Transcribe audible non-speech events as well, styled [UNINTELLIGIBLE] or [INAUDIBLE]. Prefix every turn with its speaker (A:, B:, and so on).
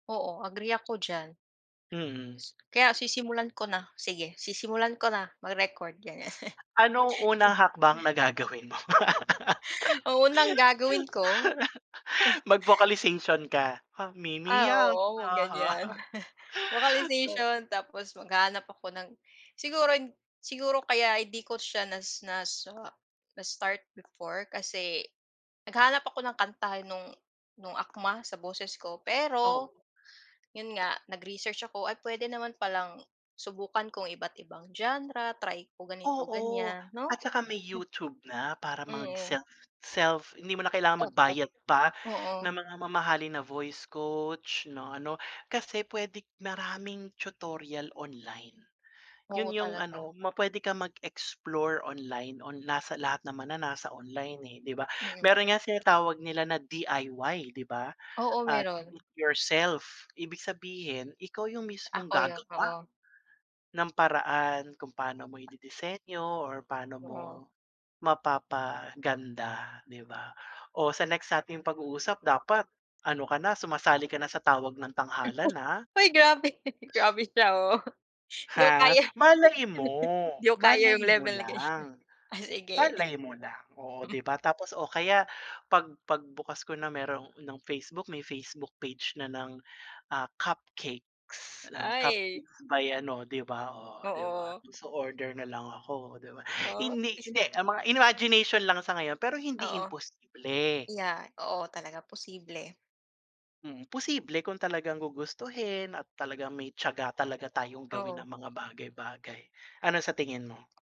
A: Oo, agree ako diyan.
B: Mm.
A: S kaya sisimulan ko na. Sige, sisimulan ko na, mag-record, ganyan.
B: Anong unang hakbang na
A: [LAUGHS]
B: gagawin mo?
A: Ang unang gagawin ko
B: [LAUGHS]
A: [CHUCKLES]
B: Mag-vocalization ka. Ha mi mi
A: Ah,
B: ya
A: oo,
B: ha ha.
A: ganyan,
B: [CHUCKLES]
A: [LAUGHS]
B: 'To
A: vocalization, tapos maghahanap ako ng siguro siguro kaya hindi ko siya na nas ah, na-start before, kasi, naghahanap ako ng kanta, no'ng no'ng akma sa boses ko, pero,
B: Oh.
A: 'yon nga, nag-research ako, ay puwede naman palang, subukan ko ang iba't-ibang genre, try ko
B: Oo,
A: ganito-ganyan, 'no?
B: at saka may
A: [CHUCKLES]
B: YouTube na, para
A: Mm.
B: mag-self-self hindi mo na
A: Eh,
B: kailangan
A: rot
B: magbayad pa ng
A: oo.
B: mga mamahalin na voice coach, 'no, ano. Kasi, puwede maraming tutorial online,
A: Oo,
B: 'yon yung
A: talaga.
B: ano, ma pwede kang mag-explore online, on nasa lahat naman na, nasa online, eh, 'di ba?
A: Mm.
B: Meron nga, tinatawag nila na DIY 'di ba,
A: Oo,
B: at Do
A: meron.
B: It Yourself, ibig sabihin, ikaw yung mismong
A: Ako 'yon,
B: gagawa
A: oo.
B: ng paraan kung paano mo ididisenyo or paano mo
A: Oo.
B: mapapaganda, 'di ba? O, sa next nating pag-uusap, dapat ano ka na, sumasali ka na sa tawag ng
A: [CHUCKLES]
B: tanghalan ah.
A: Hoy! Grabe, grabe siya oh. 'Di ko
B: Ha?
A: kaya.
B: Malay
A: [LAUGHS]
B: mo,
A: 'Di ko kaya yung
B: malay mo
A: level na ganyan,
B: lang,
A: ah, sige.
B: malay mo lang, oo,
A: [CHUCKLES]
B: 'di ba? Tapos, oh, kaya 'pag pagbukas ko na, meron ng Facebook, may Facebook page na ng, ah, cupcakes, o
A: Ay.
B: cupcakes by ano, 'di ba? Oh, 'di ba?
A: Oo.
B: So, order na lang ako, 'di ba?
A: Oh.
B: Hindi hindi,
A: [UNINTELLIGIBLE]
B: ang mga imagination lang sa ngayon, pero hindi
A: Oo.
B: imposible.
A: Yeah, oo, talaga posible.
B: Hmm, posible kung talagang gugustuhin, at talagang may tiyaga talaga tayong gawin ang
A: Oo.
B: mga bagay-bagay, ano sa tingin mo?